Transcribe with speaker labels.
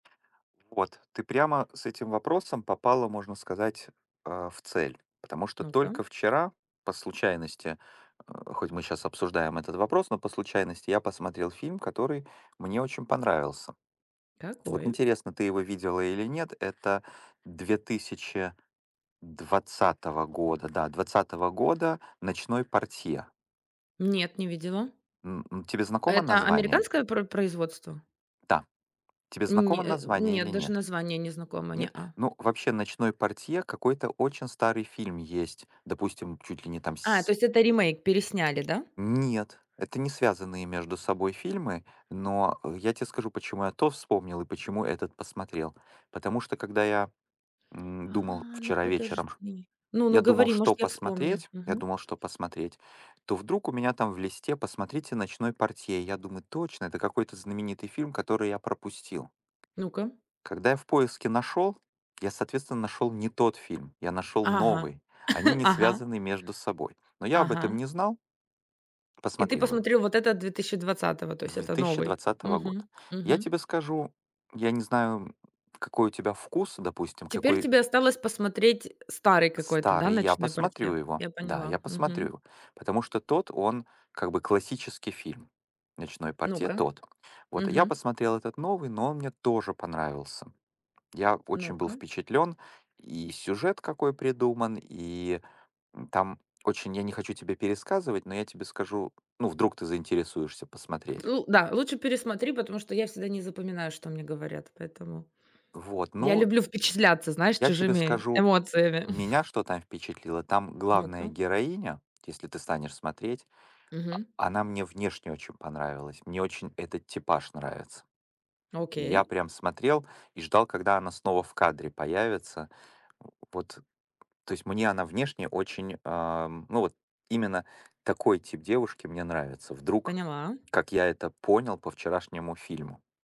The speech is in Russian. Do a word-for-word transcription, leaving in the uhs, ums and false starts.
Speaker 1: Вот ты прямо с этим вопросом попала, можно сказать, э, в цель, потому что
Speaker 2: Ну-ка.
Speaker 1: только вчера по случайности, э, хоть мы сейчас обсуждаем этот вопрос, но по случайности, я посмотрел фильм, который мне очень понравился. Вот
Speaker 2: Какой?
Speaker 1: интересно, ты его видела или нет. Это две тысячи двадцатого года, да, двадцатого года, "Ночной портье".
Speaker 2: Нет, не видела.
Speaker 1: М, м. Тебе знакомо
Speaker 2: Это
Speaker 1: название?
Speaker 2: американское пр производство?
Speaker 1: Да. Тебе знакомо
Speaker 2: Не,
Speaker 1: название или
Speaker 2: нет, даже
Speaker 1: нет?
Speaker 2: название не знакомо,
Speaker 1: Нет?
Speaker 2: не-а.
Speaker 1: Ну, вообще, "Ночной портье" какой-то очень старый фильм есть. Допустим, чуть ли не там
Speaker 2: А,
Speaker 1: с
Speaker 2: то есть, это ремейк пересняли, да?
Speaker 1: Нет, это не связанные между собой фильмы, но я тебе скажу, почему я то вспомнил и почему этот посмотрел. Потому что когда я, м, думал
Speaker 2: А, ну
Speaker 1: вчера вечером ш
Speaker 2: подожди. Ну ну
Speaker 1: я думал,
Speaker 2: говори,
Speaker 1: что
Speaker 2: может, я вспомню.
Speaker 1: посмотреть, я
Speaker 2: Мгм.
Speaker 1: думал, что посмотреть, то вдруг у меня там в листе: "Посмотрите "Ночной портье"". Я думаю: "Точно, это какой-то знаменитый фильм, который я пропустил".
Speaker 2: Ну-ка.
Speaker 1: Когда я в поиске нашёл, я, соответственно, нашёл не тот фильм, я нашёл
Speaker 2: Ага,
Speaker 1: новый. Они не
Speaker 2: ага.
Speaker 1: связаны между собой, но я об этом
Speaker 2: Ага.
Speaker 1: не знал.
Speaker 2: И ты
Speaker 1: Посмотрел его.
Speaker 2: посмотрел вот этот две тысячи двадцатый, то есть
Speaker 1: две
Speaker 2: это
Speaker 1: тысячи
Speaker 2: новый.
Speaker 1: двадцатого года.
Speaker 2: Мгм,
Speaker 1: Я
Speaker 2: мгм.
Speaker 1: тебе скажу, я не знаю, какой у тебя вкус, допустим,
Speaker 2: Теперь
Speaker 1: какой
Speaker 2: тебе осталось посмотреть старый какой-то, да,
Speaker 1: Старый я
Speaker 2: "Ночной
Speaker 1: посмотрю
Speaker 2: портье".
Speaker 1: его.
Speaker 2: Я
Speaker 1: Да,
Speaker 2: поняла.
Speaker 1: я посмотрю
Speaker 2: Мгм.
Speaker 1: его. Потому что тот он, как бы, классический фильм, "Ночной портье"
Speaker 2: Ну-ка.
Speaker 1: тот. Вот. Я
Speaker 2: Мгм.
Speaker 1: посмотрел этот новый, но он мне тоже понравился. Я очень был
Speaker 2: Ну-ка.
Speaker 1: впечатлён, и сюжет какой придуман, и, м, там очень я не хочу тебе пересказывать, но я тебе скажу Ну, вдруг ты заинтересуешься посмотреть.
Speaker 2: Ну да, лучше пересмотри, потому что я всегда не запоминаю, что мне говорят, поэтому
Speaker 1: Вот,
Speaker 2: я
Speaker 1: ну
Speaker 2: люблю впечатляться, знаешь,
Speaker 1: Я тебе
Speaker 2: чужими
Speaker 1: скажу,
Speaker 2: эмоциями.
Speaker 1: меня что там впечатлило? Там главная
Speaker 2: Ну-ка.
Speaker 1: героиня, если ты станешь смотреть, а,
Speaker 2: Мгм.
Speaker 1: она мне внешне очень понравилась. Мне очень этот типаж нравится. Я
Speaker 2: Окей.
Speaker 1: прям смотрел и ждал, когда она снова в кадре появится. Вот, то есть мне она внешне очень, ам, ну, вот именно такой тип девушки мне нравится. Вдруг,
Speaker 2: Поняла.
Speaker 1: как я это понял по вчерашнему фильму.